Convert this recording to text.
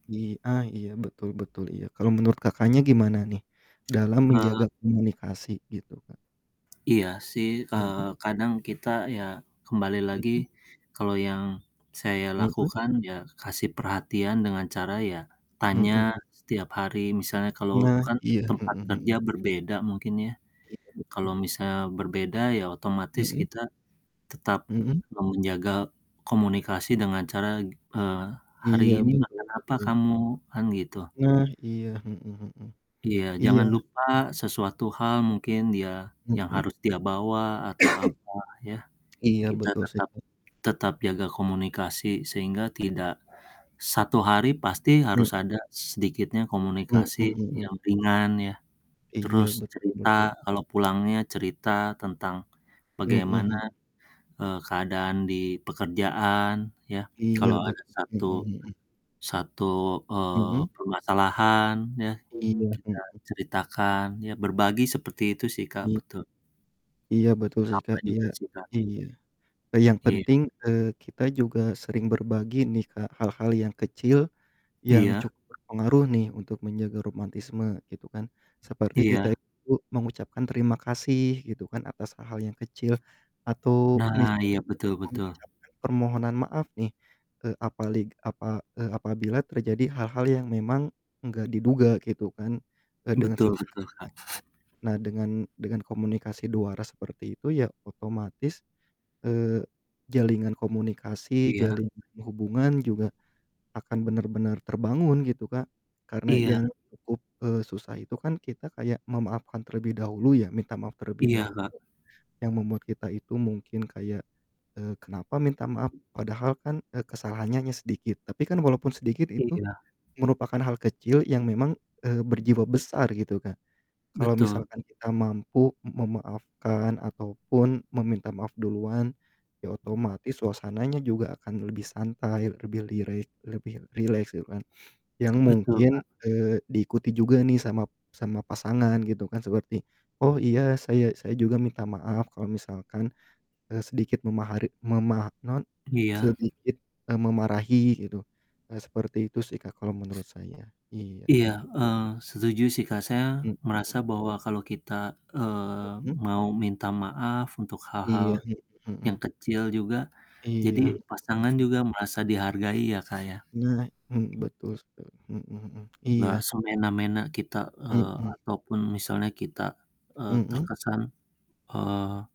I a iya betul betul iya kalau menurut Kakaknya gimana nih dalam Eee menjaga komunikasi gitu Kak. Iya sih, eee, Mhm. kadang kita ya kembali lagi Mhm. kalau yang saya Mhm. lakukan ya kasih perhatian dengan cara ya tanya Mhm. setiap hari misalnya kalau Nah kan iya, mhm tempat kerja mhm. berbeda mungkin ya, Iya kalau betul. misalnya berbeda ya otomatis Mhm. kita tetap Mhm. menjaga komunikasi dengan cara g eee, "Hari Iya ini betul makan apa betul. kamu?" Kan gitu. Nah iya, mhm mhm, Iya iya. jangan lupa sesuatu hal mungkin ya yang Mhm. harus dia bawa atau apa ya Iya kita betul sih tetap Kak. tetap jaga komunikasi sehingga tidak 1 hari pasti harus Mmm. ada sedikitnya Mmm, komunikasi mhm. yang ringan ya, Iya terus betul cerita betul. kalau pulangnya cerita tentang Mhm bagaimana, mhm. eee, keadaan di pekerjaan ya Iya kalau bet ada 1, mhm mhm. 1 eee, Mhm. permasalahan ya, Iya, kita mhm. ceritakan ya berbagi seperti itu sih Kak Iya. betul. Iya betul sih Sama Kak, iya juga sih Kak. iya. E yang Iya. penting, eee, kita juga sering berbagi nih Kak hal-hal yang kecil, yang Iya. cukup berpengaruh nih untuk menjaga romantisme gitu kan seperti kita Iya. itu mengucapkan terima kasih gitu kan atas hal-hal yang kecil atau Nah misalnya iya, betul betul. mengucapkan permohonan maaf nih, eee, apalig apa e apabila terjadi hal-hal yang memang enggak diduga gitu kan dengan Betul betul, sederhana gitu. Kak. Nah dengan dengan komunikasi dua arah seperti itu ya otomatis, eee, jalinan komunikasi, Iya. jalinan hubungan juga akan bener-benar terbangun gitu Kak, karena Iya. yang cukup, eee, susah itu kan kita kayak memaafkan terlebih dahulu ya minta maaf terlebih Iya dahulu Kak. yang membuat kita itu mungkin kayak, eee, kenapa minta maaf padahal kan, eee, kesalahannya hanya sedikit tapi kan walaupun sedikit itu Iya. merupakan hal kecil yang memang, eee, berjiwa besar gitu Kak. Kalau Betul. misalkan kita mampu m memaafkan ataupun meminta maaf duluan, ya otomatis suasananya juga akan lebih santai lebih lirek lebih rileks gitu kan yang Betul mungkin, Kak. eee, diikuti juga nih sama sama pasangan gitu kan seperti, "Oh iya saya saya juga minta maaf kalau misalkan, eee, sedikit memahari mema" naon, Iya. "sedikit e memarahi," gitu, seperti itu sih Kak kalau menurut saya, iya, Iya, mhm. eee, setuju sih Kak saya Mmm. merasa bahwa kalau kita, eee, Mhm. mau minta maaf untuk hal-hal Iya, mhm yang mhm. kecil juga jadi Iya, pasangan mhm. juga merasa dihargai ya Kak ya. Nah, hmm, betul sekali, mhm mhm, Nggak iya. semena-mena kita, eee, Mhm. ataupun misalnya kita, eee, Mhm. terkesan, eee